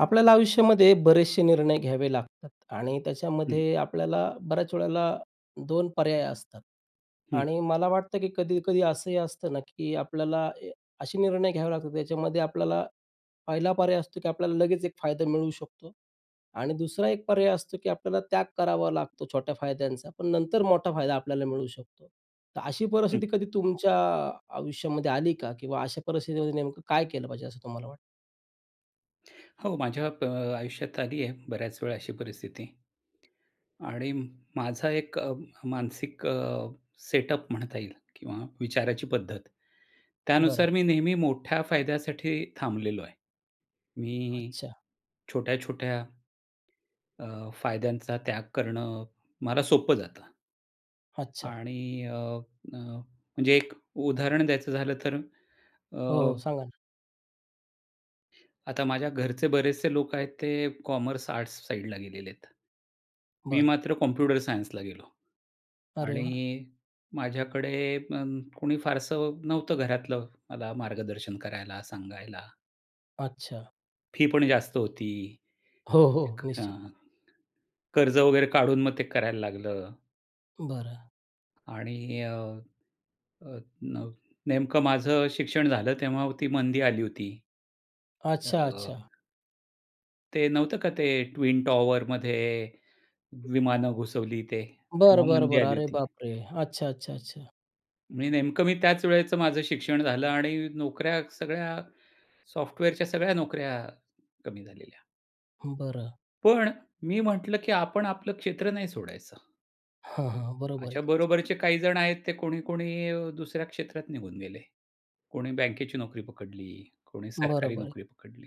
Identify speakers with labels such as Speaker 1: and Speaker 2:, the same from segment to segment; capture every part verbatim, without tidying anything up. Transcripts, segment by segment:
Speaker 1: आपल्याला आयुष्यामध्ये बरेचसे निर्णय घ्यावे लागतात आणि
Speaker 2: हं.
Speaker 1: त्याच्यामध्ये आपल्याला बऱ्याच वेळेला दोन पर्याय असतात
Speaker 2: हं.
Speaker 1: आणि मला वाटतं की कधी-कधी असंही असतं ना, की आपल्याला असे निर्णय घ्यावे लागतात. त्याच्यामध्ये आपल्याला पहिला पर्याय असतो की आपल्याला लगेच एक फायदा मिळू शकतो आणि दुसरा एक पर्याय असतो, की आपल्याला त्याग करावा लागतो छोट्या फायद्यांचा, पण नंतर मोठा फायदा आपल्याला मिळू शकतो. तर अशी
Speaker 2: हं.
Speaker 1: परिस्थिती कधी तुमच्या आयुष्यामध्ये आली का? किंवा अशा परिस्थितीमध्ये नेमकं काय केलं पाहिजे असं तुम्हाला वाटतं?
Speaker 2: हो माझ्या ब आयुष्यात आली आहे, बऱ्याच वेळा अशी परिस्थिती. आणि माझा एक मानसिक अ, सेटअप म्हणता येईल किंवा विचाराची पद्धत,
Speaker 1: बरं.
Speaker 2: त्यानुसार मी नेहमी मोठ्या फायद्यासाठी थांबलेलो आहे. मी
Speaker 1: अच्छा.
Speaker 2: छोट्या-छोट्या, अ, फायद्यांचा त्याग करणं मला सोपं जातं.
Speaker 1: अच्छा.
Speaker 2: आणि अ, अ, म्हणजे एक उदाहरण द्यायचं झालं तर,
Speaker 1: हो,
Speaker 2: अ
Speaker 1: हो सांगा ना.
Speaker 2: आता माझ्या घरचे बरेचसे लोक आहेत ते कॉमर्स, आर्ट्स साइडला गेलेले आहेत. मी
Speaker 1: बरं.
Speaker 2: मात्र कॉम्प्युटर सायन्सला गेलो.
Speaker 1: अरे वाह!
Speaker 2: आणि माझ्याकडे अ, कोणी फारसं नव्हतं घरातलं मला मार्गदर्शन करायला, सांगायला.
Speaker 1: अच्छा.
Speaker 2: फी पण जास्त होती.
Speaker 1: हो, हो.
Speaker 2: अ,
Speaker 1: निश्चित.
Speaker 2: कर्ज वगैरे काढून मग ते करायला लागलं.
Speaker 1: बरं.
Speaker 2: आणि अ, नेमकं माझं शिक्षण झालं तेव्हा ती मंदी आली होती. अ,
Speaker 1: अच्छा, अच्छा.
Speaker 2: ते नव्हतं का, ते ट्विन टॉवरमध्ये विमानं घुसवली ते तेव्हा
Speaker 1: बरं, बरं,
Speaker 2: मंदी
Speaker 1: बरं.
Speaker 2: आली
Speaker 1: अरे
Speaker 2: होती.
Speaker 1: बापरे! अच्छा, अच्छा, अच्छा.
Speaker 2: मी नेमकं मी त्याच वेळेचं माझं शिक्षण झालं आणि नोकऱ्या सगळ्या, सॉफ्टवेअरच्या सगळ्या नोकऱ्या कमी झालेल्या.
Speaker 1: बरं.
Speaker 2: पण मी म्हंटलं, की आपण आपलं क्षेत्र नाही सोडायचं.
Speaker 1: हां, हां. बरोबर आहे
Speaker 2: माझ्या
Speaker 1: तुमचं.
Speaker 2: बरोबरचे काही जण आहेत, ते कोणी, कोणी दुसऱ्या क्षेत्रात निघून गेले. कोणी बँकेची नोकरी पकडली, कोणी सरकारी
Speaker 1: बरोबर आहे.
Speaker 2: नोकरी पकडली.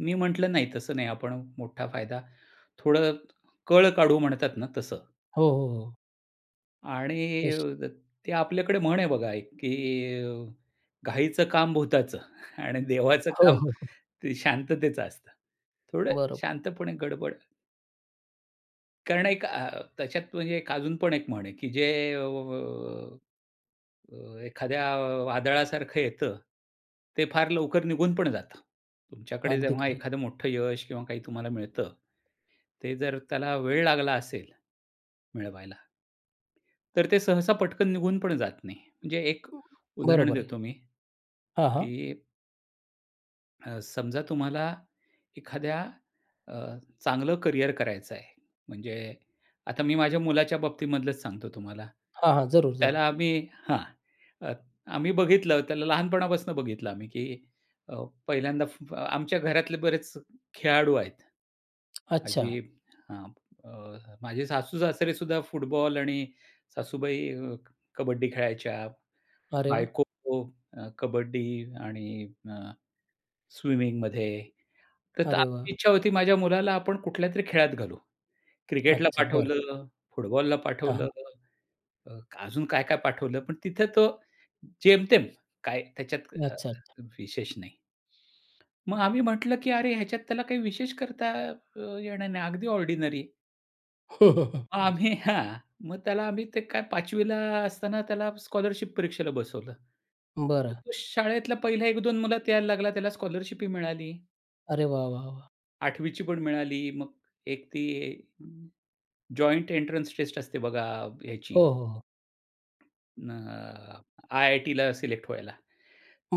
Speaker 2: मी म्हंटलं नाही तसं नाही. आपण मोठा फायदा थोडं कळ काढू म्हणतात ना तसं.
Speaker 1: हो, हो. हो.
Speaker 2: आणि
Speaker 1: अशी?
Speaker 2: ते आपल्याकडे म्हण आहे बघा एक की अ, "घाईचं काम भुताचं आणि देवाचं
Speaker 1: हो,
Speaker 2: काम
Speaker 1: हो. हो.
Speaker 2: ते शांततेचं असतं." थोडं
Speaker 1: बरोबर.
Speaker 2: शांतपणे गडबड. कारण एक अ, त्याच्यात अजून पण एक म्हण आहे की जे अ, अ, एखाद्या वादळासारखं येतं, ते फार लवकर निघून पण जातं. तुमच्याकडे
Speaker 1: अगदी
Speaker 2: जेव्हा
Speaker 1: खरं आहे.
Speaker 2: एखादा मोठं यश किंवा काही तुम्हाला मिळतं, ते जर त्याला वेळ लागला असेल, मिळवायला. तर ते सहसा पटकन निघून पण जात नाही, म्हणजे एक उदाहरण
Speaker 1: बरोबर आहे.
Speaker 2: देतो मी.
Speaker 1: हां, हां.
Speaker 2: की अ, समजा तुम्हाला एखाद्या अ, चांगलं करियर करायचं आहे. म्हणजे, आता मी माझ्या मुलाच्या बाबतीमधलच सांगतो तुम्हाला.
Speaker 1: हां, हां. जरूर-जरूर.
Speaker 2: त्याला आम्ही हां, आम्ही बघितलं त्याला लहानपणापासून बघितलं आम्ही की अ, पहिल्यांदा आमच्या घरातले बरेच खेळाडू आहेत.
Speaker 1: अच्छा.
Speaker 2: आजी हां, माझे सासू-सासरे सुद्धा फुटबॉल आणि सासूबाई कबड्डी खेळायच्या.
Speaker 1: अरे वाह!
Speaker 2: बायको खो अ, कबड्डी आणि अ, स्विमिंगमध्ये. तर
Speaker 1: अरे
Speaker 2: आपली
Speaker 1: वाह!
Speaker 2: इच्छा होती, माझ्या मुलाला आपण कुठल्यातरी खेळात घालू. क्रिकेटला
Speaker 1: अच्छा, बरं.
Speaker 2: पाठवलं, फुटबॉलला
Speaker 1: हां,
Speaker 2: पाठवलं
Speaker 1: हां.
Speaker 2: अजून काय-काय पाठवलं. पण तिथं तो जेमतेम, काय त्याच्यात अ,
Speaker 1: अच्छा, अच्छा.
Speaker 2: अ, विशेष नाही. मग आम्ही म्हटलं की अरे ह्याच्यात त्याला काही विशेष करता अ, येणार नाही अगदी ऑर्डिनेरी. आम्ही, हां. मग त्याला आम्ही ते काय पाचवी ला असताना त्याला स्कॉलरशिप परीक्षेला बसवलं.
Speaker 1: बरं.
Speaker 2: तर तो शाळेतला पहिला एक दोन मुलात यायला लागला, त्याला स्कॉलरशिप ही मिळाली.
Speaker 1: अरे वाह! वाह! वाह!
Speaker 2: आठवी ची पण मिळाली मग एक ती जॉईंट एंट्रन्स टेस्ट असते बघा, ह्याची.
Speaker 1: हो, हो. हो.
Speaker 2: अ, आय-आय-टीला सिलेक्ट व्हायला.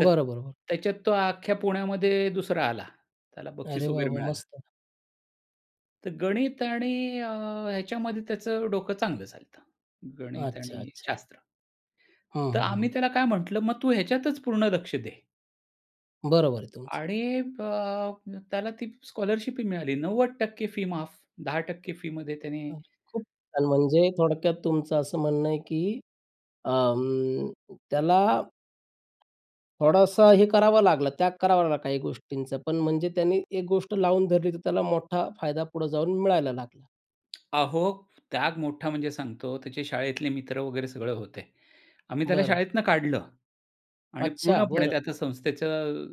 Speaker 2: तर
Speaker 1: बरं, बरं.
Speaker 2: त्याच्यात तो अख्ख्या पुण्यामध्ये दुसरा आला, त्याला बक्षीस
Speaker 1: अरे वाह!
Speaker 2: वगैरे
Speaker 1: वाह!
Speaker 2: मिळालं.
Speaker 1: मस्त.
Speaker 2: तर गणित आणि अ, ह्याच्यामध्ये त्याचं डोकं चांगलं चालत. गणित
Speaker 1: अच्छा,
Speaker 2: आणि
Speaker 1: अच्छा.
Speaker 2: शास्त्र.
Speaker 1: हं,
Speaker 2: तर
Speaker 1: हं.
Speaker 2: आम्ही
Speaker 1: हं.
Speaker 2: त्याला काय म्हटलं, "मग तू ह्याच्यातच पूर्ण लक्ष दे."
Speaker 1: बरोबर आहे तुमचं.
Speaker 2: आणि अ, त्याला ती स्कॉलरशिप मिळाली नव्वद टक्के फी माफ. दहा टक्के फीमध्ये त्याने
Speaker 1: बरं, खूप छान म्हणजे थोडक्यात तुमचं असं म्हणणं आहे की अ, अं, त्याला थोडासा हे करावं लागलं, त्याग करावा लागला काही गोष्टींचं. पण म्हणजे त्यांनी एक गोष्ट लावून धरली तर, त्याला मोठा फायदा पुढे जाऊन मिळायला लागला.
Speaker 2: अहो, त्याग मोठा म्हणजे सांगतो, त्याचे शाळेतले मित्र वगैरे सगळं होते. आम्ही त्याला
Speaker 1: बरं.
Speaker 2: शाळेतनं काढलं आणि
Speaker 1: अच्छा,
Speaker 2: पूर्णपणे
Speaker 1: बरं.
Speaker 2: त्या संस्थेचं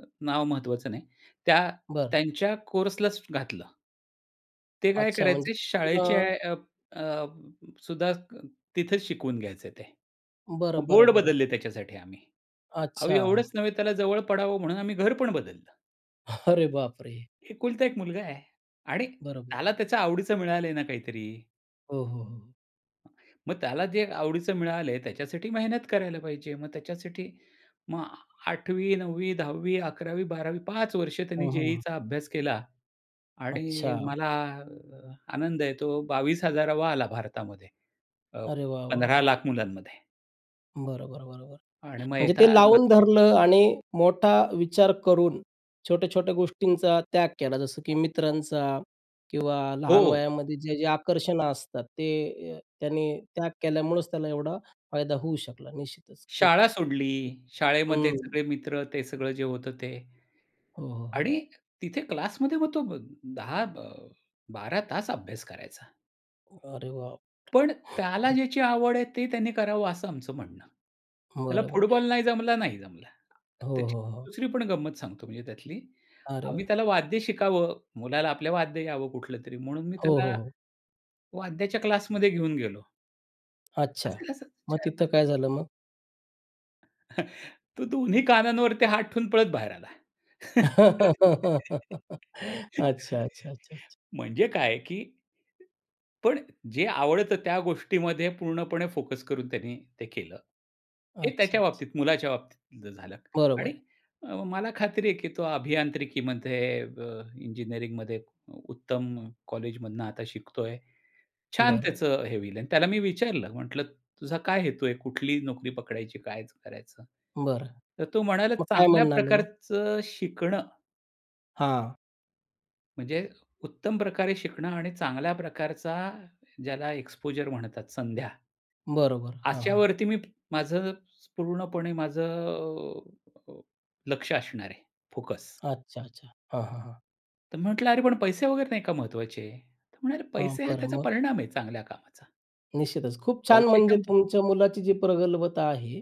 Speaker 2: अ, नाव महत्वाचं नाही. त्या
Speaker 1: बरं.
Speaker 2: त्यांच्या कोर्सलाच घातलं. ते काय
Speaker 1: अच्छा म्हणजे
Speaker 2: करायचे शाळेचे
Speaker 1: पुन्हा
Speaker 2: ॲ अप अ, ब सुद्धा तिथे शिकवून घ्यायचे ते.
Speaker 1: बरं,
Speaker 2: बोर्ड
Speaker 1: बरं, बरं,
Speaker 2: बदलले
Speaker 1: बरं.
Speaker 2: त्याच्यासाठी आम्ही. अहो एवढंच
Speaker 1: अच्छा.
Speaker 2: नव्हे त्याला जवळ पडावं म्हणून आम्ही घर पण बदललं.
Speaker 1: अरे बापरे!
Speaker 2: एकुलता एक मुलगा आहे आणि
Speaker 1: बरोबर आहे
Speaker 2: त्याला त्याच्या आवडीचं मिळालंय ना काहीतरी.
Speaker 1: हो, हो, हो.
Speaker 2: मग त्याला जे आवडीचं मिळालं, त्याच्यासाठी मेहनत करायला पाहिजे. मग त्याच्यासाठी मग आठवी नववी दहावी अकरावी बारावी पाच वर्ष त्याने
Speaker 1: हं, हं.
Speaker 2: जे-ई-ईचा अभ्यास केला आणि
Speaker 1: अच्छा.
Speaker 2: मला आनंद आहे तो बावीस हजारावा आला भारतामध्ये अ,
Speaker 1: अरे वाह, वाह,
Speaker 2: पंधरा
Speaker 1: वाह!
Speaker 2: लाख मुलांमध्ये.
Speaker 1: बरं, बरं, बरं, बरं
Speaker 2: आणि मग
Speaker 1: म्हणजे ते
Speaker 2: येताना.
Speaker 1: लावून धरलं आणि मोठा विचार करून छोट्या-छोट्या गोष्टींचा त्याग केला जसं की मित्रांचा किंवा
Speaker 2: हो.
Speaker 1: लहान वयामध्ये जे-जे आकर्षणं असतात ते अ, त्यांनी त्याग केल्यामुळंच त्याला एवढा फायदा होऊ शकला निश्चितच खूप.
Speaker 2: शाळा सोडली. शाळेमध्ये
Speaker 1: हं.
Speaker 2: सगळे मित्र ते सगळं जे होतं ते.
Speaker 1: हो, हो, हो.
Speaker 2: आणि तिथे क्लासमध्ये मग तो दहा बारा तास अभ्यास करायचा.
Speaker 1: उम्म, अरे बापरे!
Speaker 2: पण त्याला ज्याची आवड आहे ते त्यांनी करावं असं आमचं म्हणणं. त्याला
Speaker 1: बरोबर आहे.
Speaker 2: फुटबॉल नाही जमला, नाही जमला.
Speaker 1: हो,
Speaker 2: त्याची
Speaker 1: हो, हो.
Speaker 2: दुसरी पण गंमत सांगतो म्हणजे त्यातली.
Speaker 1: अरे
Speaker 2: आम्ही
Speaker 1: वाह!
Speaker 2: त्याला वाद्य शिकावं, मुलाला आपल्या वाद्य यावं कुठलं तरी, म्हणून मी
Speaker 1: हो, हो,
Speaker 2: त्याला,
Speaker 1: हो.
Speaker 2: वाद्याच्या क्लासमध्ये घेऊन गेलो.
Speaker 1: अच्छा!
Speaker 2: असेल असे
Speaker 1: मग
Speaker 2: चार पाच
Speaker 1: तिथं
Speaker 2: वर्षाचा.
Speaker 1: काय झालं मग?
Speaker 2: तो दोन्ही कानांवरती हात ठेवून पळत बाहेर आला.
Speaker 1: अच्छा, अच्छा, अच्छा, अच्छा.
Speaker 2: म्हणजे काय आहे की पण जे आवडतं त्या गोष्टीमध्ये पूर्णपणे फोकस करून त्यांनी ते केलं. हे
Speaker 1: अच्छा,
Speaker 2: त्याच्या
Speaker 1: अच्छा.
Speaker 2: बाबतीत, मुलाच्या बाबतीत जे झालं
Speaker 1: बरोबर
Speaker 2: आणि
Speaker 1: आहे.
Speaker 2: अ, मला खात्री आहे की तो अभियांत्रिकीमध्ये अ, इंजिनिअरिंगमध्ये उ उत्तम कॉलेजमधनं आता शिकतोय. छान
Speaker 1: बरं.
Speaker 2: त्याचं हे होईल. अन त्याला मी विचारलं म्हटलं, "तुझा काय हेतू आहे? कुठली नोकरी पकडायची? काय करायचं?"
Speaker 1: बरं.
Speaker 2: तर तो म्हणाला,
Speaker 1: मग काय
Speaker 2: "चांगल्या
Speaker 1: म्हणाले मग?
Speaker 2: प्रकारचं शिकणं."
Speaker 1: हां.
Speaker 2: म्हणजे उत्तम प्रकारे शिकणं आणि चांगल्या प्रकारचा ज्याला एक्स्पोजर म्हणतात संध्या.
Speaker 1: बरोबर, हां, हां.
Speaker 2: अशावरती मी, प माझं पूर्णपणे माझं अ, अ, लक्षं असणार आहे, फोकस.
Speaker 1: अच्छा, अच्छा. हां, हां, हां.
Speaker 2: तर मी म्हंटलं अरे पण पैसे वगैरे नाही का महत्त्वाचे? तर म्हणाले
Speaker 1: हां,
Speaker 2: पैसे हा
Speaker 1: बरं
Speaker 2: त्याचा
Speaker 1: मग?
Speaker 2: परिणाम आहे चांगल्या कामाचा.
Speaker 1: निश्चितच खूप छान म्हणजे
Speaker 2: पैशाच्या
Speaker 1: तुमच्या मुलाची जी प्रगल्भता आहे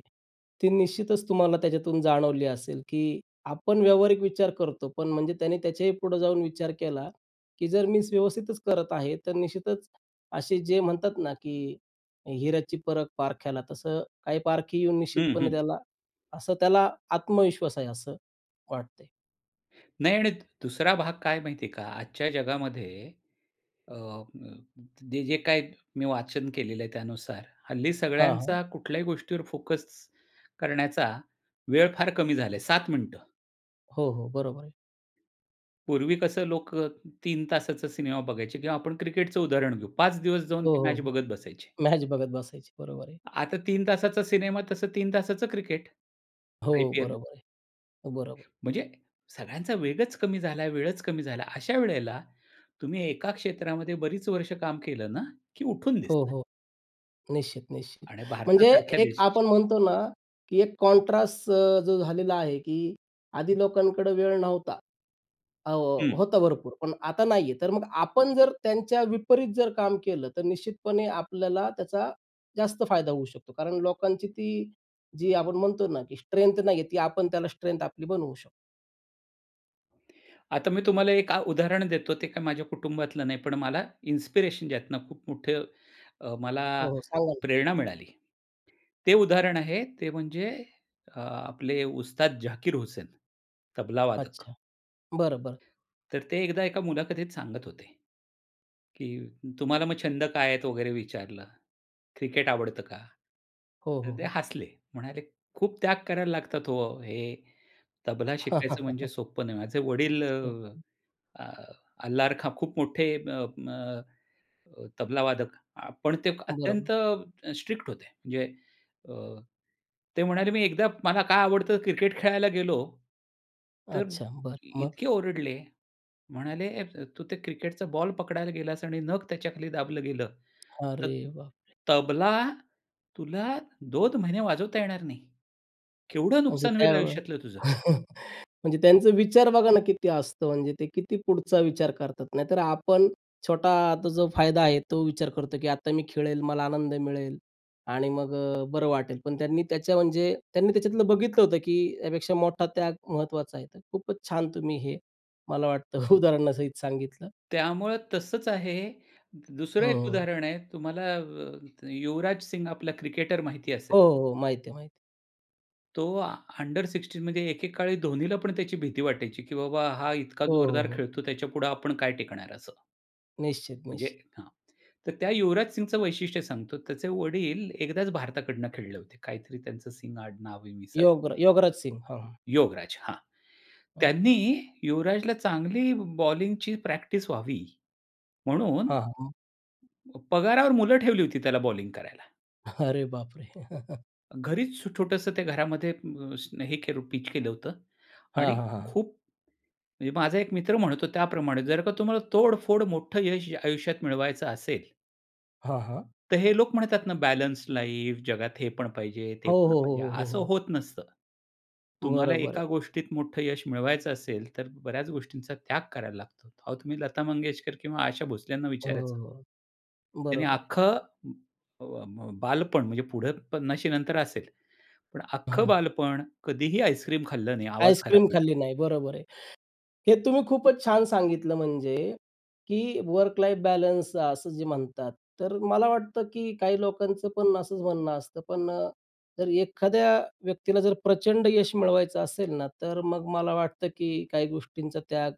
Speaker 1: ती निश्चितच तुम्हाला त्याच्यातून जाणवली असेल की आपण व्यावहारिक विचार करतो. पण म्हणजे त्याने त्याच्याही पुढं जाऊन विचार केला की जर मीन्स व्यवस्थितच करत आहे तर निश्चितच असे जे म्हणतात ना, की हिऱ्याची परख पारख्याला तसं काही पारखी येऊन
Speaker 2: हं,
Speaker 1: निश्चितपणे
Speaker 2: हं.
Speaker 1: त्याला असं त्याला आत्मविश्वास आहे असं वाटतंय.
Speaker 2: नाही आणि दुसरा भाग काय आहे माहिती आहे का? आजच्या जगामध्ये अ, म जे जे काही मी वाचन केलेलं आहे त्यानुसार हल्ली
Speaker 1: हां, हां.
Speaker 2: सगळ्यांचा कुठल्याही गोष्टीवर फोकस करण्याचा वेळ फार कमी झाला आहे सात मिनिटं.
Speaker 1: हो, हो, बरोबर आहे.
Speaker 2: पूर्वी कसं लोक तीन तासाचा सिनेमा बघायचे किंवा आपण क्रिकेटचं उदाहरण घेऊ पाच दिवस जाऊन
Speaker 1: हो,
Speaker 2: ती
Speaker 1: हो,
Speaker 2: मॅच
Speaker 1: हो,
Speaker 2: बघत बसायचे.
Speaker 1: मॅच बघत बसायचे. बरोबर आहे.
Speaker 2: आता तीन तासाचा सिनेमा तसं तीन तासाचं क्रिकेट,
Speaker 1: हो,
Speaker 2: आय-पी-एल.
Speaker 1: बरोबर आहे. बरोबर.
Speaker 2: म्हणजे सगळ्यांचा वेगच कमी झाला वेळच कमी झाला. अशा वेळेला तुम्ही एका क्षेत्रामध्ये बरीच वर्ष काम केलं ना की उठून
Speaker 1: हो,
Speaker 2: दिसतात.
Speaker 1: हो. निश्चित-निश्चित.
Speaker 2: आणि
Speaker 1: म्हणजे
Speaker 2: भारतासारख्या
Speaker 1: एक
Speaker 2: देश
Speaker 1: आपण म्हणतो ना की एक कॉन्ट्रास्ट अ, जो झालेला आहे की आधी लोकांकडे वेळ नव्हता. अ हो
Speaker 2: हं.
Speaker 1: होतं भरपूर पण आता नाहीये तर मग आपण जर त्यांच्या विपरीत जर काम केलं तर निश्चितपणे आपल्याला त्याचा जास्त फायदा होऊ शकतो. कारण लोकांची ती जी आपण म्हणतो ना की स्ट्रेंथ नाहीये ती आपण त्याला स्ट्रेंथ आपली बनवू शकतो.
Speaker 2: आता मी तुम्हाला एक अ, उदाहरण देतो. ते काय माझ्या कुटुंबातलं नाही पण मला इन्स्पिरेशन ज्यातनं खूप मोठं अ, मला
Speaker 1: हो, हो, सांगा ना.
Speaker 2: प्रेरणा मिळाली. ते उदाहरण आहे ते म्हणजे अ, आपले उस्ताद झाकीर हुसेन तबलावादक.
Speaker 1: अच्छा. बरं, बरं.
Speaker 2: तर ते एकदा एका मुलाखतीत सांगत होते. की तुम्हाला मग छंद काय आहेत वगैरे विचारलं. क्रिकेट आवडतं का?
Speaker 1: हो,
Speaker 2: तर
Speaker 1: हो,
Speaker 2: ते
Speaker 1: हो.
Speaker 2: हसले म्हणाले "खूप त्याग करायला लागतात हो, हे तबला शिकायचं म्हणजे सोप्पं नाही. माझे वडील अ,
Speaker 1: [unintelligible]
Speaker 2: अ, अल्लारखा खूप मोठे अ, म म तबलावादक पण ते
Speaker 1: बरोबर.
Speaker 2: अत्यंत स्ट्रिक्ट होते. म्हणजे अ, ते म्हणाले मी एकदा मला काय आवडतं क्रिकेट खेळायला गेलो. तर
Speaker 1: अच्छा, बरं. मग?
Speaker 2: इतके ओरडले म्हणाले, "तू ते क्रिकेटचा बॉल पकडायला गेलास आणि नख त्याच्याखाली दाबलं गेलं तर
Speaker 1: अरे बापरे!
Speaker 2: तबला तुला दोन महिने वाजवता येणार नाही. केवढं
Speaker 1: म्हणजे
Speaker 2: नुकसान होईल
Speaker 1: त्यावेळे
Speaker 2: आयुष्यातलं तुझं?"
Speaker 1: म्हणजे त्यांचा विचार बघा ना किती असतं म्हणजे ते किती पुढचा विचार करतात. नाहीतर आपण छोटा आता जो फायदा आहे तो विचार करतो की आता मी खेळेल. मला आनंद मिळेल. आणि मग अ, बरं वाटेल. पण त्यांनी त्याच्या म्हणजे त्यांनी त्याच्यातलं बघितलं होतं की त्यापेक्षा मोठा त्याग महत्त्वाचा आहे. तर खूपच छान तुम्ही हे मला वाटतं उदाहरणासहित सांगितलं.
Speaker 2: त्यामुळं तसंच आहे. दुसरं एक
Speaker 1: हं.
Speaker 2: उदाहरण आहे तुम्हाला अ, युवराज सिंग आपला क्रिकेटर माहिती असेल.
Speaker 1: हो, हो, हो, माहिती आहे, माहिती आहे.
Speaker 2: तो आ अंडर सिक्सटीन मध्ये एके काळी धोनीला पण त्याची भीती वाटायची, की बाबा हा इतका
Speaker 1: हो, हो.
Speaker 2: जोरदार
Speaker 1: हो.
Speaker 2: खेळतो. त्याच्यापुढे आपण काय टिकणार? असं.
Speaker 1: निश्चित,
Speaker 2: म्हणजे
Speaker 1: निश्चित.
Speaker 2: हां, तर त्या युवराज सिंगचं वैशिष्ट्य सांगतो, त्याचे वडील एकदाचं भारताकडून खेळले होते. काहीतरी त्यांचं सिंग आडनाव मी विसरलो.
Speaker 1: योगर योगराज सिंह. हं.
Speaker 2: योगराज, हां!
Speaker 1: हं.
Speaker 2: त्यांनी युवराजला चांगली ब बॉलिंगची प्रॅक्टिस व्हावी म्हणून,
Speaker 1: हां, हां.
Speaker 2: प पगारावर मुलं ठेवली होती त्याला बॉलिंग करायला.
Speaker 1: अरे, बापरे!
Speaker 2: घरीचं छ छोटंसं त्या घरामध्ये अ, स हे केलं होतं पिच केलं होतं
Speaker 1: हां,
Speaker 2: आणि
Speaker 1: हां. हां.
Speaker 2: खूप म्हणजे माझा एक मित्र म्हणतो त्याप्रमाणे, जर का तुम्हाला तोडफोड मोठं यश आयुष्यात मिळवायचं असेल,
Speaker 1: हां, हां.
Speaker 2: तर हे लोक म्हणतात ना, बॅलन्स लाईफ जगात हे पण पाहिजे, ते
Speaker 1: हो,
Speaker 2: पण
Speaker 1: हो. हो,
Speaker 2: पाहिजे,
Speaker 1: हो. हो,
Speaker 2: असं
Speaker 1: हो.
Speaker 2: होत नसतं. तुम्हाला
Speaker 1: बरोबर
Speaker 2: एका
Speaker 1: आहे.
Speaker 2: गोष्टीत मोठं यश मिळवायचं असेल तर बऱ्याचं गोष्टींचा त्याग करायला लागतो. अहो, तुम्ही लता मंगेशकर किंवा आशा भोसल्यांना
Speaker 1: हो,
Speaker 2: विचारायचं.
Speaker 1: हो. हो.
Speaker 2: त्यांनी
Speaker 1: बरोबर आहे.
Speaker 2: अख्खं अ, ब बालपण म्हणजे पुढे पन्नाशी नंतर असेल. पण अख्खं
Speaker 1: हां.
Speaker 2: बालपण कधीही आईस्क्रीम खाल्लं नाही. आवाज खराब
Speaker 1: आईस्क्रीम
Speaker 2: होईल.
Speaker 1: खाल्ली नाही, बरोबर आहे. हे तुम्ही खूपचं छान सांगितलं म्हणजे, की वर्क लाईफ बॅलन्स असं जे म्हणतात. तर मला वाटतं की काही लोकांचं पण असचं म्हणणं असतं. पण अ, जर एखाद्या व्यक्तीला जर प्रचंड यश मिळवायचं असेल ना, तर मग मला वाटतं, की काही गोष्टींचा त्याग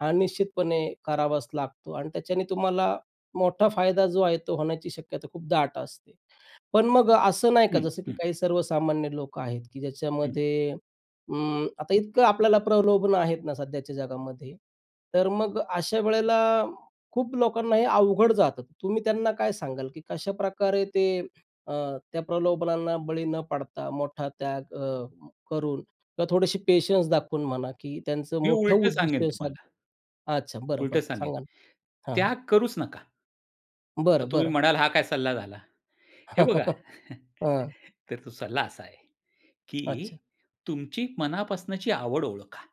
Speaker 1: हा निश्चितपणे करावाचं लागतो आणि त्याच्याने तुम्हाला मोठा फायदा जो आहे तो होण्याची शक्यता खूप दाट असते. पण मग असं नाही का?
Speaker 2: हं,
Speaker 1: जसं की
Speaker 2: हं.
Speaker 1: काही सर्वसामान्य लोकं आहेत, की
Speaker 2: हं.
Speaker 1: ज्याच्यामध्ये अं, आता इतकं आपल्याला प्रलोभन आहेत ना, सध्याच्या जगामध्ये तर मग अशा वेळेला, खूप लोकांना हे अवघड जातं. तुम्ही त्यांना काय सांगाल? की कशाप्रकारे ते अ, त्या प्रलोभनांना बळी न पडता, मोठा त्याग अ, करून का थोडीशी पेशन्स दाखवून म्हणा, की त्यांचं
Speaker 2: मी
Speaker 1: मोठं
Speaker 2: उलटं सांगेन
Speaker 1: उद्दिष्ट साध्य
Speaker 2: तुम्हाला.
Speaker 1: अच्छा. बरं,
Speaker 2: उलटं
Speaker 1: बरं,
Speaker 2: सांगेन,
Speaker 1: सांगा ना. हां, हां.
Speaker 2: त्याग करूचं नका.
Speaker 1: बरं,
Speaker 2: तर तुम्ही
Speaker 1: बरं.
Speaker 2: म्हणाल हा काय सल्ला झाला? हे बघा,
Speaker 1: हां.
Speaker 2: तर तो सल्ला असा आहे, की
Speaker 1: अच्छा.
Speaker 2: तुमची मनापासूनची आवड ओळखा.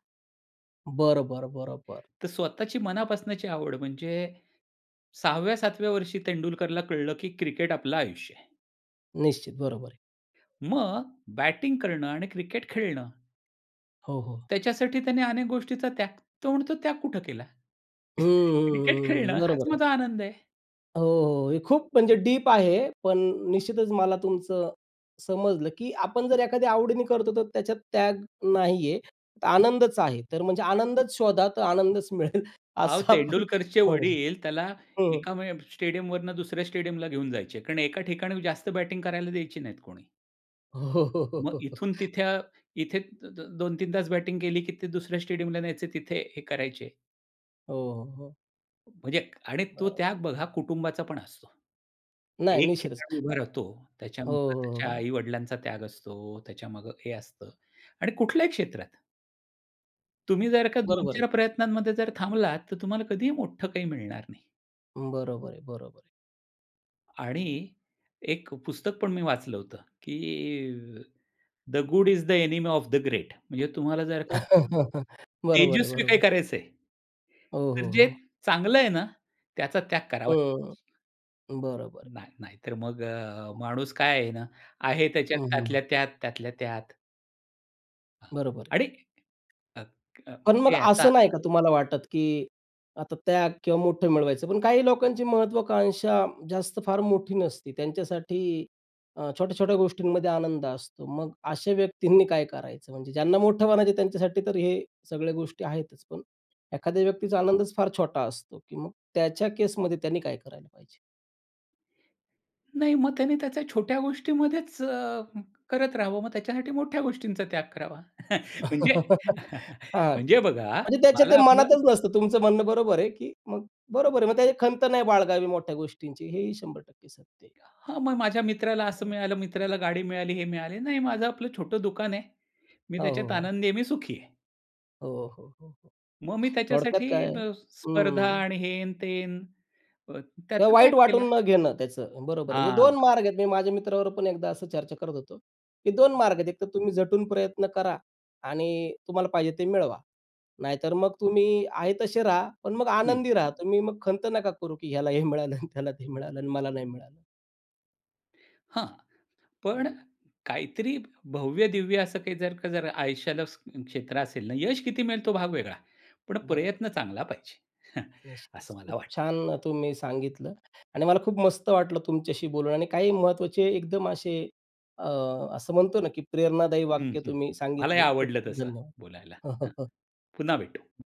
Speaker 1: बरं, बरं, बरं, बरं.
Speaker 2: तर स्वतःची मनापासूनची आवड म्हणजे, सहाव्या सातव्या वर्षी तेंडुलकरला कळलं, की क्रिकेट आपलं आयुष्य आहे.
Speaker 1: निश्चित. बरोबर आहे.
Speaker 2: मग बॅटिंग करणं आणि क्रिकेट खेळणं
Speaker 1: हो, हो.
Speaker 2: त्याच्यासाठी त्याने अनेक गोष्टींचा त्याग तो म्हणतो त्याग कुठं केला?
Speaker 1: हं,
Speaker 2: क्रिकेट
Speaker 1: हं, हं, हं.
Speaker 2: खेळणं हाच
Speaker 1: बरोबर आहे.
Speaker 2: माझा आनंद आहे.
Speaker 1: हो, हो. हे खूप म्हणजे डीप आहे. पण निश्चितच मला तुमचं समजलं, की आपण जर एखाद्या आवडीने करतो तर त्याच्यात त्याग नाही आहे, तर आनंदच आहे. तर म्हणजे आनंदच शोधा तर आनंदच मिळेल.
Speaker 2: अहो,
Speaker 1: असं आपण
Speaker 2: तेंडुलकरचे
Speaker 1: म्हणू शकतो.
Speaker 2: वडील त्याला
Speaker 1: हं.
Speaker 2: एका म स्टेडियमवरून दुसऱ्या स्टेडियमला घेऊन जायचे. कारण एका ठिकाणी जास्त बॅटिंग करायला द्यायचे नाहीत कोणी.
Speaker 1: हो, हो,
Speaker 2: मग
Speaker 1: हो.
Speaker 2: इथून तिथे अ इथे दोन तीन तास बॅटिंग केली, की ते दुसऱ्या स्टेडियमला न्यायचे तिथे हे करायचे.
Speaker 1: हो, हो, हो.
Speaker 2: म्हणजे आणि तो
Speaker 1: बरोबर.
Speaker 2: त्याग बघा कुटुंबाचा पण असतो.
Speaker 1: नाही,
Speaker 2: एक
Speaker 1: निश्चितच.
Speaker 2: खेळाडू उभा राहतो,
Speaker 1: हो,
Speaker 2: त्याच्यामध्ये
Speaker 1: हो,
Speaker 2: त्याच्या
Speaker 1: हो.
Speaker 2: आई-वडिलांचा त्याग असतो. त्याच्यामागे हे असतं आणि कुठल्याही क्षेत्रात. तुम्ही जर का दोन
Speaker 1: बरोबर आहे.
Speaker 2: चार प्रयत्नांमध्ये जर थांबलात तर तुम्हाला कधीही मोठं काही मिळणार नाही.
Speaker 1: बरोबर आहे, बरोबर आहे.
Speaker 2: आणि एक पुस्तकपण मी वाचलं होतं की अ, The Good is the Enemy of the Great म्हणजे तुम्हाला जर का
Speaker 1: बरोबर आहे,
Speaker 2: तेजस्वी काय
Speaker 1: बरोबर.
Speaker 2: करायचंय?
Speaker 1: ओ,
Speaker 2: तर
Speaker 1: हो,
Speaker 2: जे
Speaker 1: हो.
Speaker 2: चांगलं आहे ना त्याचा त्याग करावा.
Speaker 1: हं, बरोबर आहे.
Speaker 2: नाही, नाही तर मग अ, माणूस काय आहे ना आहे त्याच्यात
Speaker 1: हं, हं.
Speaker 2: त्यातल्या त्यात, त्यातल्या त्यात. हां
Speaker 1: बरोबर आहे.
Speaker 2: आणि अ, अ,
Speaker 1: पण
Speaker 2: म्हणजे
Speaker 1: मग
Speaker 2: ह्याचा
Speaker 1: असं नाही का तुम्हाला वाटत की आता त्याग किंवा मोठं मिळवायचं पण काही लोकांची महत्त्वाकांक्षा जास्त फार मोठी नसते. त्यांच्यासाठी अ, छोट्या-छोट्या गोष्टींमध्ये आनंद असतो मग अशा व्यक्तींनी काय करायचं म्हणजे ज्यांना मोठं म्हणायचं त्यांच्यासाठी तर हे सगळ्या गोष्टी आहेतच पण एखाद्या व्यक्तीचा आनंदच फार छोटा असतो, की मग त्याच्या केसमध्ये त्यांनी काय करायला पाहिजे?
Speaker 2: नाही मग त्यांनी त्या छोट्या गोष्टीमध्येच अ, करत राहावं मग त्याच्यासाठी मोठ्या गोष्टींचा त्याग करावा म्हणजे
Speaker 1: हां
Speaker 2: म्हणजे बघा
Speaker 1: म्हणजे त्याच्या
Speaker 2: मला
Speaker 1: ते
Speaker 2: आपलं
Speaker 1: मनातच नसतं. तुमचं म्हणणं बरोबर आहे की मग बरोबर आहे. मग त्याची खंत नाही बाळगावी मोठ्या गोष्टींची हेही शंभर टक्के सत्य आहे.
Speaker 2: हां, मग माझ्या मित्राला असं
Speaker 1: हां.
Speaker 2: मिळालं मित्राला गाडी मिळाली, हे मिळाले, नाही माझं आपलं छोटं दुकान आहे मी
Speaker 1: हो, हो,
Speaker 2: त्याच्यात
Speaker 1: हो.
Speaker 2: आनंदी आहे मी सुखी आहे.
Speaker 1: हो, हो, हो, हो,
Speaker 2: मग मी
Speaker 1: थोडक्यात
Speaker 2: त्याच्यासाठी
Speaker 1: काय
Speaker 2: अ, स्पर्धा
Speaker 1: हं.
Speaker 2: आणि हेन तेन
Speaker 1: किंवा
Speaker 2: त्याचा त्याग
Speaker 1: वाईट
Speaker 2: केला.
Speaker 1: वाटून न घेणं त्याचं बरोबर आहे. म्हणजे
Speaker 2: हां.
Speaker 1: दोन मार्ग आहेत. मी माझ्या मित्राबरोबर पण एकदा असं चर्चा करत होतो की दोन मार्ग आहेत. एक तर तुम्ही झटून प्रयत्न करा आणि तुम्हाला पाहिजे ते मिळवा, नाहीतर मग तुम्ही आहे तसे राहा पण मग
Speaker 2: हं.
Speaker 1: आनंदी राहा तुम्ही. मग खंत नका करू की ह्याला हे मिळालं आणि त्याला ते मिळालं आणि मला नाही मिळालं.
Speaker 2: हं, पण
Speaker 1: हं.
Speaker 2: काहीतरी भव्य-दिव्य असं काही जर का जर आयुष्याला क्षेत्र असेल ना, यश किती मिळेल तो भाग वेगळा पण
Speaker 1: बरोबर.
Speaker 2: प्रयत्न चांगला पाहिजे.
Speaker 1: निश्चितच
Speaker 2: असं मला
Speaker 1: खूप
Speaker 2: वाटतं.
Speaker 1: छान तुम्ही सांगितलं आणि मला खूप मस्त वाटलं तुमच्याशी बोलून आणि काही महत्त्वाचे एकदम असे अ, म्हणतो ना की प्रेरणादायी
Speaker 2: हं,
Speaker 1: वाक्य
Speaker 2: हं,
Speaker 1: तुम्ही
Speaker 2: हं. मलाही
Speaker 1: सांगितले. खूप
Speaker 2: आवडलं
Speaker 1: खूप
Speaker 2: तसं
Speaker 1: धन्यवाद.
Speaker 2: बोलायला. अ, पुन्हा भेटू.